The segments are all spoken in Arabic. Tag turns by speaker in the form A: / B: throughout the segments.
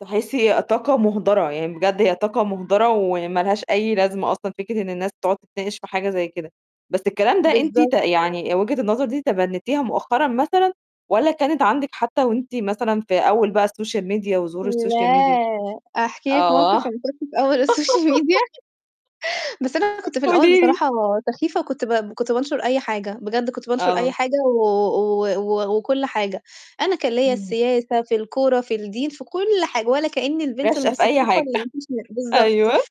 A: تحسي طاقة مُهدرة، يعني بجد هي طاقة مُهدرة، وما لهاش أي لازمة أصلًا فكرة إن الناس تقعد تتناقش في حاجة زي كده. بس الكلام ده أنتِ ت
B: بالضبط.
A: يعني وجهة النظر دي تبنيتيها مؤخرًا مثلًا، والّا كانت عندِك حتى وأنتِ مثلًا في أول بقى الsocial media وظهور الsocial media؟
B: لا أحكي لِك
A: آه.
B: موقف أمّا كُنت في أول الsocial media بس أنا كنت في الأول
A: قولي لي.
B: بصراحة سخيفة وكنت ب كنت بانشر أي حاجة، بجد كنت بانشر أي
A: آه.
B: حاجة و و و وكل حاجة. أنا كان ليّا
A: امم.
B: السياسة، في الكورة، في الدين، في كل حاجة، ولا كأني البنت
A: راشقة في أي
B: المثقفة
A: حاجة
B: اللي ما فيش منها بالضبط
A: أيوه.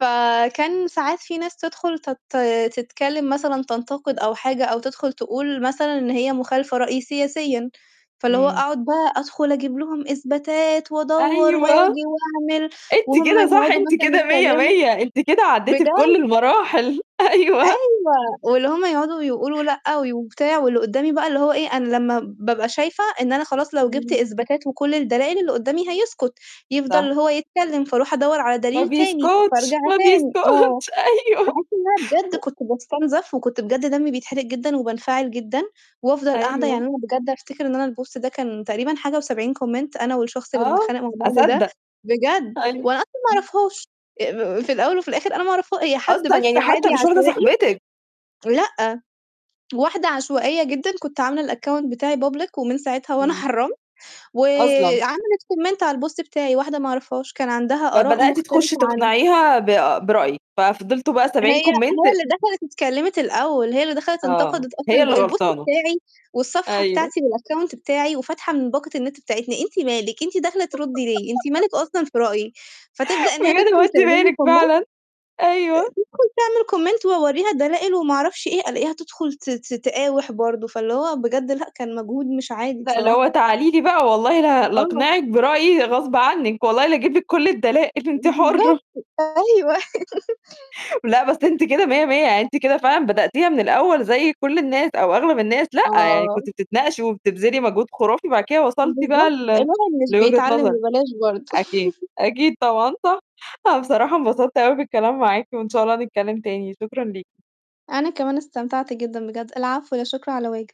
B: فكان ساعات في ناس تدخل تت تتكلم مثلًا تنتقد أو حاجة، أو تدخل تقول مثلًا إن هي مخالفة رأي سياسيًا. فاللي هو
A: إمم.
B: أقعد بقى أدخل أجيب لهم إثباتات، وأدوّر
A: أيوه.
B: وآجي وأعمل،
A: أنتِ
B: وهُم
A: كده صح،
B: يقعدوا
A: أنتِ
B: مثلًا
A: كده مِيّة،
B: يتكلموا
A: مِيّة أنتِ كده عدّيتِ بكل
B: بجد.
A: المراحل. أيوه.
B: أيوه، واللي هُم يقعدوا يقولوا لأ وي وبتاع، واللي قُدّامي بقى اللي هو إيه أنا لمّا بابقى شايفة إن أنا خلاص لو جِبت
A: إمم.
B: إثباتات وكل الدلائل، اللي قُدّامي هيسكُت، يفضل
A: صح.
B: اللي هو يتكلّم، فأروح أدوّر على
A: ما
B: دليل تاني،
A: بيسكُتش،
B: فأرجع
A: ما
B: تاني آه.
A: بيسكُتش. أيوه.
B: باحس إن أنا بجد
A: و
B: كنت باستُنزف وكنت بجد دمي بيتحرق جدًا، وبانفعل جدًا، وأفضل قاعدة
A: أيوه.
B: يعني أنا بجد أفتكر إن أنا الpost ده كان تقريبًا حاجة و70 comment أنا والشخص اللي
A: آه،
B: بنتخانق مع بعض ده
A: أصدّق.
B: بجد،
A: أيوه
B: وأنا أصلًا ما
A: امم.
B: أعرفهاش أ في الأول وفي الآخر أنا ما أعرفها هي حد
A: أصلًا،
B: بس
A: يعني
B: عادي
A: حتى مش واحدة
B: عشوائي
A: صاحبتكِ!
B: لأ، واحدة عشوائية جدًا، كنت عاملة الaccount بتاعي public ومن ساعتها وأنا
A: إمم.
B: حرّمت،
A: أصلًا.
B: وعملِت comment على الpost بتاعي، واحدة ما أعرفهاش كان عندها آراء
A: فبدأتِ تخُشّي
B: مختلفة عن
A: تقنعيها ب برأيِك، ففضلتوا بقى
B: هي
A: 70
B: هي
A: comment
B: اللي دخلت اتكلّمت الأول، هي اللي دخلت
A: آه.
B: انتقدت
A: هي اللي
B: أصلًا الب الpost
A: غلطانة.
B: بتاعي والصفحة
A: أيوه.
B: بتاعتي والaccount بتاعي، وفاتحة من باقة النت بتاعتنا. أنتِ مالِك أنتِ داخلة ترُدّي لي، أنتِ مالِك أصلًا في رأيي؟ فتبدأ إن هي
A: "بجد، هو
B: تدخل
A: أنتِ
B: تعمل لي
A: مالِك
B: comment،
A: فعلًا؟" أيوه.
B: تدخل تعمل comment وأورّيها الدلائل وما أعرفش إيه، ألاقيها تدخل ت ت تقاوِح برضه، فاللي هو بجد لأ، كان مجهود مش عادي
A: لأ، اللي هو
B: بصراحة.
A: "تعالي لي بقى، والله ل
B: آه.
A: لاقنعِك برأيي غصب عنِّك، والله لا اجيب لِك كل الدلائل، أنتِ حُرّة."
B: بالضبط. أيوه.
A: لأ، بس أنتِ كده مِيّة، مِيّة يعني أنتِ كده فعلًا بدأتيها من الأول زي كل الناس أو أغلب الناس، لأ، يعني كنتِ
B: آه.
A: بتتناقشي وبتبذلي مجهود خُرافي، بعد كده وصلتِ بقى
B: بالضبط.
A: ل
B: الواحد مش
A: لوجهة
B: بيتعلّم
A: نظرِك
B: ببلاش برضه.
A: أكيد، أكيد طبعًا صح. أنا بصراحة انبسطت أوي بالكلام معاكِ، وإن شاء الله نتكلّم تاني، شكرًا ليكِ.
B: أنا كمان استمتعت جدًا بجد العفو، لا شكر على واجب.